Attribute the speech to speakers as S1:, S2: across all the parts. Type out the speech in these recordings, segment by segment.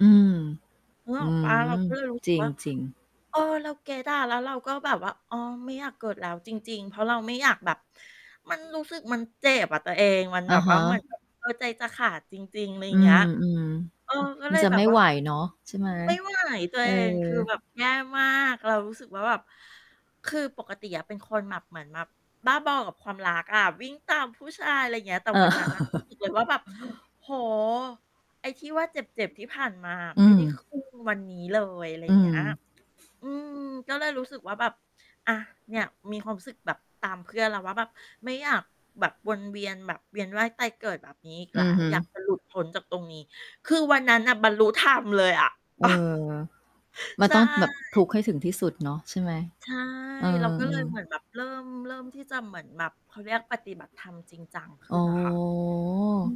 S1: อืม
S2: นึก
S1: อื
S2: ออกเปล่า?
S1: ม
S2: เราก็เลยรู้ ส
S1: จ
S2: ึ
S1: ร
S2: ก ว่า
S1: ิง ๆ
S2: เออ เราเก็ตอะ แล้วเราก็แบบว่า อ๋อ ไม่อยากเกิดแล้วจริง ๆ เพราะเราไม่อยากแบบ มันรู้สึก มันเจ็บอะตัวเอง มัน
S1: อ
S2: แบ
S1: ะ
S2: บ
S1: ฮ
S2: ว่า
S1: ะ
S2: เหมือนกับ เออ ใจจะขาดจริง ๆ ไร
S1: อื
S2: เงี้ย
S1: อ
S2: เออ ก็
S1: ๆ ม
S2: เ
S1: ั
S2: ล
S1: น
S2: ย
S1: จะ
S2: แบ
S1: ไม
S2: บ
S1: ่
S2: ว่
S1: ไ
S2: า
S1: หวเนาะ ใช่ไหม?
S2: ไม่ไหว ตัว
S1: เออ
S2: เอง คือแบบ แย่มาก เรารู้สึกว่า แบบ คือปกติอะเป็นคนแบบเหมือนแบบบ้าบอกับความรักอะ วิ่งตามผู้ชาย ไรเงี้ย แต่
S1: เอ
S2: วั
S1: อ
S2: นนั้นน่ะ รู้สึกเลยว่า แบบ โอ้โฮ ไอ้ที่ว่าเจ็บ ๆ ที่ผ่านมาอะ
S1: อื
S2: ไม่ได้
S1: ม
S2: ครึ่ง วันนี้เลย อะไร
S1: อื
S2: เงี้ย
S1: ม
S2: อืม ก็เลยรู้สึกว่า แบบ อ่า เนี่ย มีความสึกแบบตามเพื่อนแล้วว่า แบบไม่อยากแบบวนเวียน แบบเวียนว่ายตายเกิดแบบนี้อีก
S1: อื
S2: แล้
S1: อฮ
S2: ว
S1: ึ
S2: อยากจะหลุด พ้นจากตรงนี้ คือวันนั้นน่ะบรรลุธรรมเลยอะ
S1: เออ มั
S2: ใ
S1: น
S2: ช่
S1: ต้องแบบทุกข์ให้ถึงที่สุดเนาะ ใช่ไหม?
S2: ใช่
S1: เออ
S2: เราก็เลย เหมือ
S1: ๆ
S2: นแบบเริ่ม เริ่มที่จะเหมือนแบบ เขาเรียก ปฏิบัติธรรมจริงจังข
S1: โอ
S2: ึ้
S1: ้
S2: นน
S1: โ
S2: ่
S1: ฮ
S2: ะค่ะ อื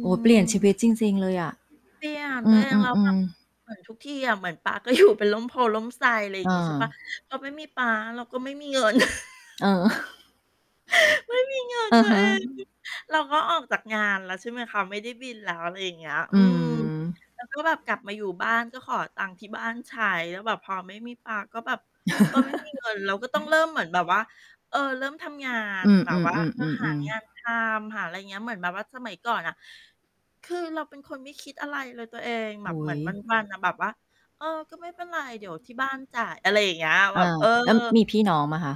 S1: โอ้ เปลี่ยนชีวิ
S2: ม
S1: ตจริง ๆ เลยอะ
S2: เปลี่ยน
S1: อื
S2: ตัวเอง แล้วแบ
S1: อ
S2: บ
S1: ๆ ๆ
S2: เหมือน ทุกทีอะ เหมือนป๊าก็ อยู่ เป็นร่มโพธิ์ร่มไทร ไร
S1: เ
S2: งี้ ใช่เปล่า
S1: ออ
S2: พอไม่มีป๊า เราก็ไม่มีเงิน
S1: เออ
S2: ไม่มีเงิน
S1: อื
S2: ต
S1: อ
S2: ัว
S1: ฮ
S2: เ
S1: ึ
S2: อง เราก็ออกจากงานแล้ว ใช่ไหมคะ ไม่ได้บินแล้ว อะไรอย่างเงี้ย
S1: อ
S2: อื
S1: ื
S2: ม
S1: ม
S2: แล้ว ก็แบบกลับมาอยู่บ้าน ก็ขอตังค์ที่บ้านใช้ แล้วแบบพอไม่มีป๊าก็แบบ เออ ไม่มี เงิน เราก็ต้องเริ่มเหมือนแบบว่า เออ เริ่มทำงา
S1: อ
S2: น
S1: ือ
S2: แบบ ว่า เออ
S1: ๆ
S2: หา
S1: ๆ ๆ
S2: ง
S1: ๆ
S2: านทำ หาไรเงี้ย เหมือนแบบว่าสมัยก่อนน่ะ คือเราเป็นคนไม่คิดอะไรเลย ตัวเอง
S1: โ
S2: แ
S1: อ
S2: บบ
S1: ้โ
S2: เหมือน
S1: ฮ
S2: วัน ๆ อะ แบบว่า เออ ก็ไม่เป็นไร เดี๋ยวที่บ้าน จ่าย อะไรอย่างเงี้ย
S1: อ
S2: แบบ
S1: า
S2: เออ
S1: แล้วมีพี่น้องเปล่าคะ?